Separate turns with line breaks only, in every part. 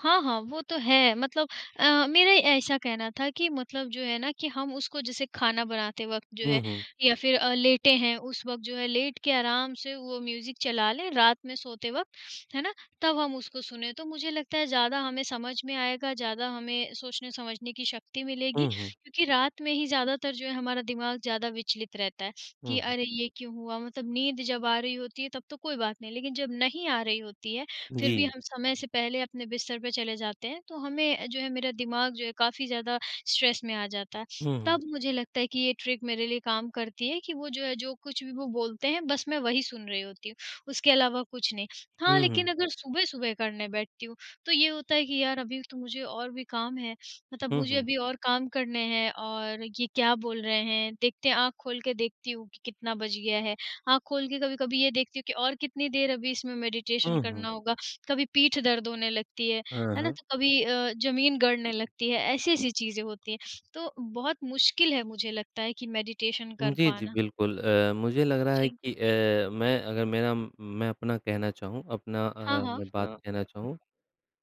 हाँ, हाँ, वो तो है मतलब अ, मेरे ऐसा कहना था कि मतलब जो है ना कि हम उसको जैसे खाना बनाते वक़्त जो
हुँ,
है,
हुँ।
या फिर अ, लेटे हैं उस वक़्त जो है लेट के आराम से वो म्यूज़िक चला लें रात में सोते वक़्त, है ना? तब हम उसको सुनें तो मुझे लगता है ज़्यादा हमें समझ में आएगा ज़्यादा हमें सोचने-समझने की शक्ति मिलेगी
हुँ, हुँ।
क्योंकि रात में ही ज़्यादातर जो है हमारा दिमाग ज़्यादा विचलित रहता है,
हुँ,
कि
हुँ।
अरे! ये क्यों हुआ मतलब नींद जब आ रही होती है तब तो कोई बात नहीं, लेकिन जब नहीं आ रही होती है फिर भी
जी।
हम समय से पहले अपने बिस्तर पे चले जाते हैं, तो हमें अ, जो है मेरा दिमाग जो है काफ़ी ज़्यादा स्ट्रेस में आ जाता है।
हुँ, हुँ।
तब मुझे लगता है कि ये ट्रिक मेरे लिए काम करती है कि वो जो है, जो कुछ भी वो बोलते हैं बस मैं वही सुन रही होती हूँ, उसके अलावा कुछ नहीं। हाँ,
हुँ,
लेकिन
हुँ।
अगर सुबह-सुबह करने बैठती हूँ, तो ये होता है कि यार अभी तो मुझे और भी काम है, मतलब
हुँ,
मुझे
हुँ।
अभी और काम करने हैं और ये क्या बोल रहे हैं देखते हैं, आँख खोल के देखती हूँ कि कितना बज गया है। आँख खोल के कभी-कभी ये देखती हूँ कि और कितनी देर अभी इसमें मेडिटेशन
हुँ, हुँ।
करना होगा, कभी पीठ दर्द होने लगती है,
अ,
है ना?
हाँ।
तो कभी अ, जमीन गड़ने लगती है। ऐसी-ऐसी चीज़ें होती हैं, तो बहुत मुश्किल है मुझे लगता है कि मेडिटेशन
उ,
कर
जी, जी,
पाना।
बिल्कुल, अ, मुझे लग रहा है
जी।
कि अ, मैं अगर मेरा उम, मैं अपना कहना चाहूँ, अपना
हाँ,
अ,
हाँ।
मैं बात कहना चाहूँ,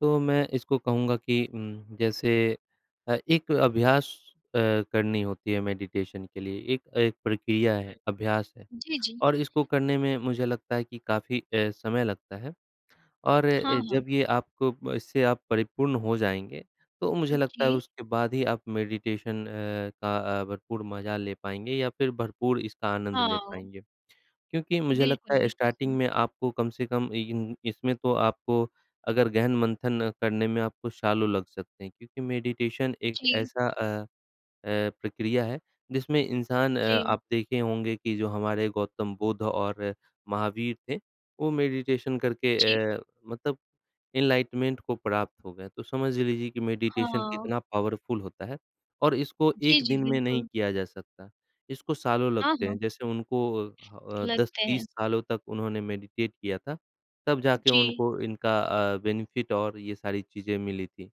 तो मैं इसको कहूँगा कि उम, जैसे अ, एक अभ्यास अ, करनी होती है मेडिटेशन के लिए। एक अ, एक प्रक्रिया है अभ्यास है,
जी, जी।
और इसको करने में मुझे लगता है कि काफ़ी अ, समय लगता है और अ,
हाँ, हाँ।
जब ये आपको इससे आप परिपूर्ण हो जाएँगे, तो मुझे लगता है
ओके।
उसके बाद ही आप मेडिटेशन अ, का भरपूर मज़ा ले पाएँगे या फिर भरपूर इसका आनंद ले
हाओ।
पाएँगे। क्योंकि मुझे लगता
बिल्कुल,
है
बिल्कुल,
स्टार्टिंग
सही।
में आपको कम से कम इन इसमें तो आपको अगर गहन मंथन करने में आपको सालों लग सकते हैं क्योंकि मेडिटेशन एक
जी।
ऐसा अ अ, प्रक्रिया है, जिसमें इंसान अ,
जी।
आप देखे होंगे कि जो हमारे गौतम बुद्ध और महावीर थे, वो मेडिटेशन करके
जी।
अ, मतलब एनलाइटमेंट को प्राप्त हो गए। तो समझ लीजिए कि मेडिटेशन
हाँ।
कितना पावरफुल होता है और इसको
जी,
1
जी,
दिन में नहीं
बिल्कुल।
किया जा सकता। इसको सालों
हाँ,
लगते
हाँ।
हैं जैसे उनको अ अ, दस
लगते हैं।
तीस सालों तक उन्होंने मेडिटेट किया था, तब जाके
जी।
उनको इनका अ, बेनिफिट और ये सारी चीजें मिली थी।